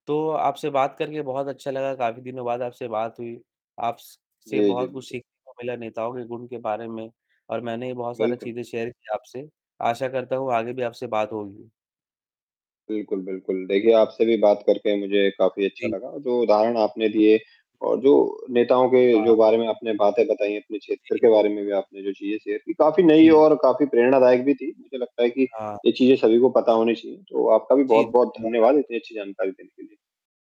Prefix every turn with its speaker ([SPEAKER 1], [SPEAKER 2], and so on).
[SPEAKER 1] तो, आपसे बात करके बहुत अच्छा लगा, काफ़ी दिनों बाद आपसे बात हुई। आप स से
[SPEAKER 2] जी, जी,
[SPEAKER 1] बहुत कुछ
[SPEAKER 2] बिल्कुल।
[SPEAKER 1] सीखने को मिला, नेताओं के गुण के बारे में और मैंने बहुत सारी
[SPEAKER 2] बिल्कुल।
[SPEAKER 1] चीजें शेयर की आपसे। आशा करता हूँ आगे भी आपसे बात होगी।
[SPEAKER 2] बिल्कुल, बिल्कुल, देखिए, आपसे भी बात करके मुझे काफ़ी अच्छा
[SPEAKER 1] जी।
[SPEAKER 2] लगा। जो उदाहरण आपने दिए और जो नेताओं के
[SPEAKER 1] हाँ।
[SPEAKER 2] जो बारे में आपने बातें बताई, अपने क्षेत्र
[SPEAKER 1] जी।
[SPEAKER 2] के बारे में भी आपने जो चीजें शेयर की, काफ़ी नई
[SPEAKER 1] जी।
[SPEAKER 2] और काफ़ी प्रेरणादायक भी थी, मुझे लगता है कि
[SPEAKER 1] हाँ।
[SPEAKER 2] ये चीज़ें सभी को पता होनी चाहिए। तो आपका भी
[SPEAKER 1] जी,
[SPEAKER 2] बहुत बहुत
[SPEAKER 1] धन्यवाद
[SPEAKER 2] धन्यवाद,
[SPEAKER 1] आपका।
[SPEAKER 2] इतनी अच्छी जानकारी देने के लिए।